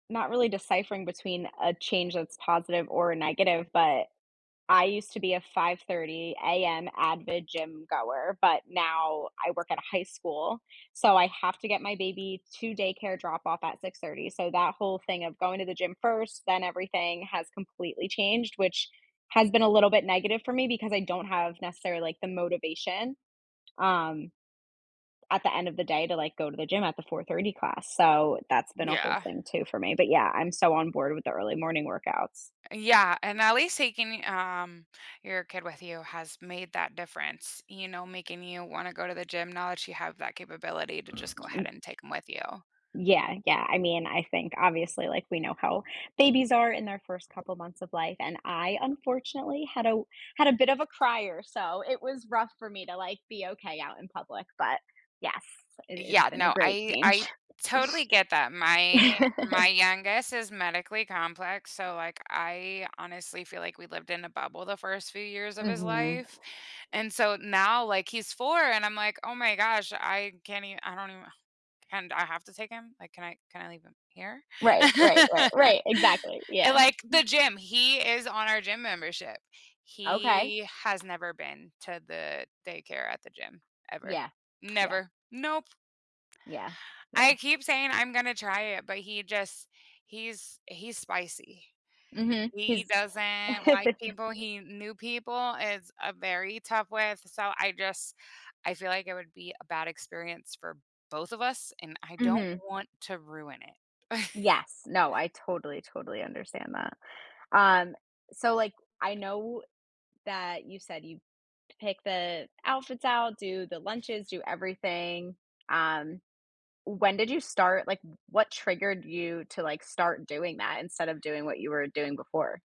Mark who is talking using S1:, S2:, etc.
S1: Not really deciphering between a change that's positive or negative, but, I used to be a 05:30 AM avid gym-goer, but now I work at a high school, so, I have to get my baby to daycare drop off at 06:30 so, that whole thing of going to the gym first, then everything, has completely changed, which has been a little bit negative for me because I don't have necessarily, like, the motivation, um, at the end of the day to, like, go to the gym at the 04:30 class, so, that's been a whole
S2: Yeah.
S1: thing too for me. But yeah, I'm so, on board with the early morning workouts.
S2: A Yeah, and at least taking, um, your kid with you has made that difference, you know, making you wanna go to the gym now that you have that capability to just go ahead
S1: Mm
S2: and take 'em with you.
S1: Yeah, yeah, I mean I think obviously, like, we know how babies are in their first couple months of life, and I unfortunately had a had a bit of a crier, so, it was rough for me to, like, be okay out in public, but yes, it it's
S2: Yeah,
S1: been a
S2: no,
S1: great
S2: I
S1: change.
S2: I totally get that. My my youngest is medically complex, so, like, I honestly feel like we lived in a bubble the first few years of his
S1: Mhm.
S2: life, and so, now, like, he's 4 and I'm, like, "Oh my gosh, I can't even I don't even can I have to take him? Like, can can I leave him here?"
S1: Right, right, right, right. Exactly,
S2: And,
S1: yeah.
S2: like, the gym he is on our gym membership.
S1: Okay.
S2: He has never been to the daycare at the gym ever.
S1: Yeah. Yeah.
S2: Never. Nope.
S1: Yeah.
S2: I
S1: Yeah.
S2: keep saying I'm gonna try it, but he just he's he's spicy.
S1: Mhm,
S2: He
S1: his
S2: doesn't like people, he new people is a very tough with, so, I just I feel like it would be a bad experience for both of us, and I don't
S1: Mhm.
S2: want to ruin it.
S1: Yes, no, I totally, totally understand that. Um, so, like, I know that you said you pick the outfits out, do the lunches, do everything, um, when did you start? Like, what triggered you to, like, start doing that instead of doing what you were doing before?